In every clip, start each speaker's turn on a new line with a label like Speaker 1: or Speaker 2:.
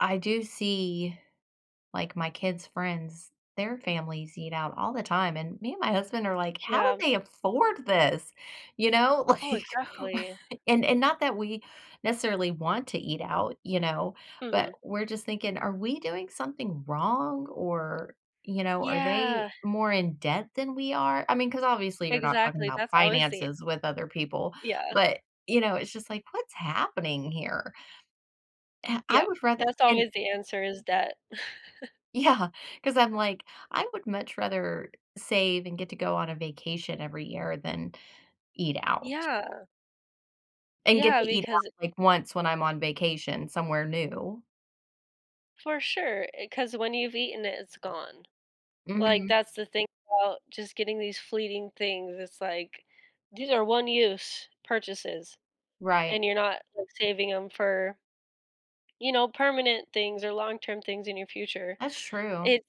Speaker 1: I do see, like, my kids' friends, their families eat out all the time, and me and my husband are like, "How do
Speaker 2: Yeah.
Speaker 1: they afford this?" You know,
Speaker 2: Oh,
Speaker 1: like
Speaker 2: exactly.
Speaker 1: and and not that we necessarily want to eat out, you know? But
Speaker 2: Mhm.
Speaker 1: we're just thinking, "Are we doing something wrong or, you know, are they
Speaker 2: Yeah.
Speaker 1: more in debt than we are?" I mean, 'cause obviously you're not talking
Speaker 2: Exactly,
Speaker 1: about
Speaker 2: that's always the
Speaker 1: finances with other people,
Speaker 2: Yeah.
Speaker 1: but, you know, it's just like, "What's happening here?" I I
Speaker 2: Yup,
Speaker 1: would rather
Speaker 2: that's
Speaker 1: and
Speaker 2: always the answer is that.
Speaker 1: Yeah, 'cause I'm like, "I would much rather save and get to go on a vacation every year than eat out."
Speaker 2: Yeah.
Speaker 1: And get
Speaker 2: Yeah,
Speaker 1: to eat
Speaker 2: because
Speaker 1: out, like, once when I'm on vacation somewhere new.
Speaker 2: For sure, eh 'cause when you've eaten it, it's gone. Like,
Speaker 1: Mhm.
Speaker 2: that's the thing about just getting these fleeting things. It's like these are one-use purchases
Speaker 1: Right.
Speaker 2: and you're not, like, saving 'em for you know, permanent things or long-term things in your future.
Speaker 1: That's true.
Speaker 2: It's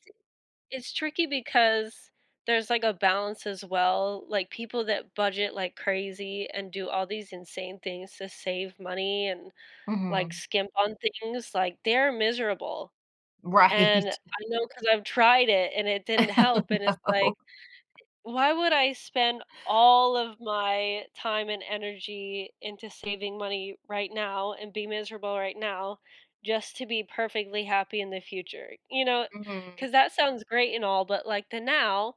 Speaker 2: it's tricky because there's, like, a balance as well, like people that budget like crazy and do all these insane things to save money and, like,
Speaker 1: Mhm.
Speaker 2: skimp on things, like, they're miserable and
Speaker 1: Right.
Speaker 2: I know 'cause I've tried it and it didn't
Speaker 1: Oh,
Speaker 2: help and it's like,
Speaker 1: no.
Speaker 2: "Why would I spend all of my time and energy into saving money right now and be miserable right now just to be perfectly happy in the future?" You know?
Speaker 1: Mhm.
Speaker 2: 'Cause that sounds great and all, but like the now,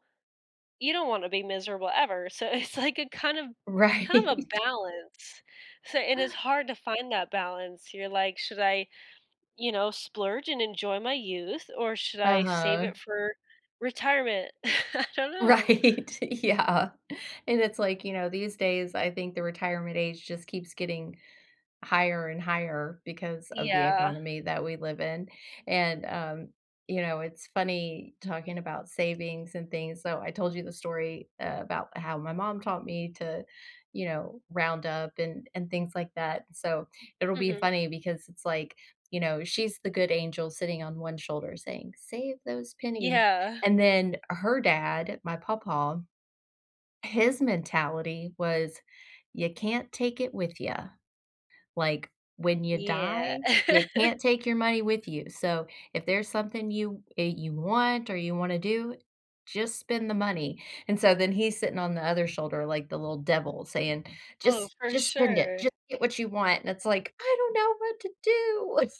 Speaker 2: you don't want to be miserable ever, so it's like a kind of kind of a
Speaker 1: Right.
Speaker 2: balance. So and it's hard to find that balance. You're like, "Should I, you know, splurge and enjoy my youth, or should I save
Speaker 1: Uh-huh.
Speaker 2: it for retirement?" I don't know.
Speaker 1: Right, yeah, and it's like, you know, these days I think the retirement age just keeps getting higher and higher because of the
Speaker 2: Yeah.
Speaker 1: economy that we live in, and, um, you know, it's funny talking about savings and things. So, I told you the story eh about how my mom taught me to you know, round up and and things like that. So, it'll be
Speaker 2: Mhm.
Speaker 1: funny because it's like, you know, she's the good angel sitting on one shoulder saying, "Save those pennies,"
Speaker 2: Yeah.
Speaker 1: and then her dad, my papa, his mentality was, "You can't take it with ya. Like, when you
Speaker 2: Yeah.
Speaker 1: die, you can't take your money with you, so if there's something you that you want or you wanna do, just spend the money." And so, then he's sitting on the other shoulder like the little devil saying,
Speaker 2: Oh,
Speaker 1: "Just
Speaker 2: for
Speaker 1: just spend it,
Speaker 2: sure.
Speaker 1: just get what you want," and it's like, "I don't know what to do."